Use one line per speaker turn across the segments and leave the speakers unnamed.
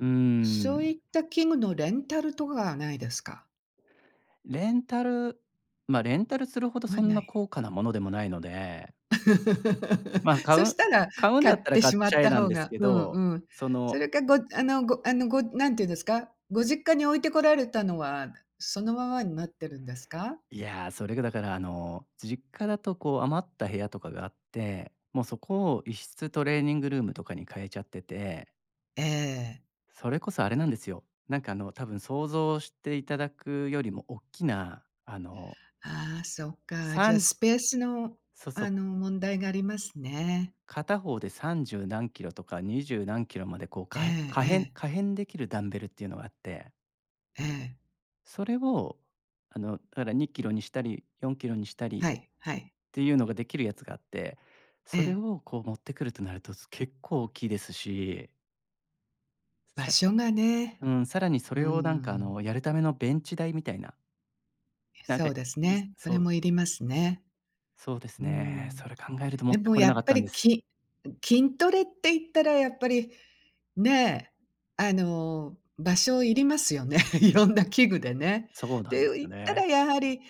うー
そうい
ん。
った器具のレンタルとかはないですか？
レンタルま、レンタルするほどそ
は
ん
な
な
い。
高価なものでもないので。まあ、買う
そ
ん
したら、
買うん
買
だった
っ
ら
て
買っ
しまっ
ちゃえ
た
なん
方
です
が
け
うん
ど、
うん。
そ
そ
の
れかごあのごあのごなんていうんですか、ご実家に置いてこられたのは、そのままになってるんですか？
いや、それがだから、あの、実家だとこう、余った部屋とかがあって、もうそこを1室トレーニングルームとかに変えちゃってて
ええ。
それこそあれなんですよ、何かあの、多分想像していただくよりも大きな、あの
ああ、そっか。
さ
じゃあ
ん
スペースの、
そ
あ
そ。
の、問題がありますね。
片方で30何 kg とか、20何 kg まで、こう
え
かへ
え
可変
ええ。
可変できるダンベルっていうのがあって
ええ。
それを、あのだから2kgにしたり、4kgにしたり、
は
っ
い、はい。
ていうのが出来るやつがあって、
え
それ
え。
をこう持ってくるとなると、す結構大きいですし。
場
さ
所がね、
うーん、さらにそ
うー
れを何か、あ
ん。
の、やるためのベンチ台みたいななん
そ
か、
うです
い
ね、そ
そ
れ
う。
もいりますね。
そうです
うー
ね、
ん。
それ考えると持っ
で
て
も
来れ
や
なか
っ
っ
ぱ
たんで
り
す。
き筋トレって言ったら、やっぱりね、あの、場所要りますよね。いろんな器具でね。
そう
っ
なんで
て
す
言
よ
ったら
ね。
やはり、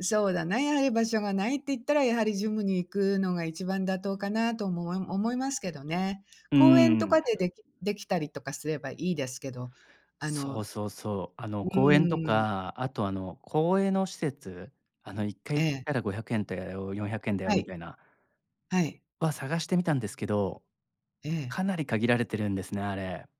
そうだな、やはり場所がないって言ったら、やはりジムに行くのが一番妥当かなと思わ思いますけどね。
うー
公園とか
ん。
でできできたりとかすればいいですけど、あの
そ
う
うそうそう、あの、公園と
ーん。
か、あと、あの、公営の施設？あの1
え
回行っ
え。
たら500円だよ、400円だよ
は
み
い。
たいな、
はい。
は探してみたんですけど、
ええ。
かなり限られてるんですね、あれ。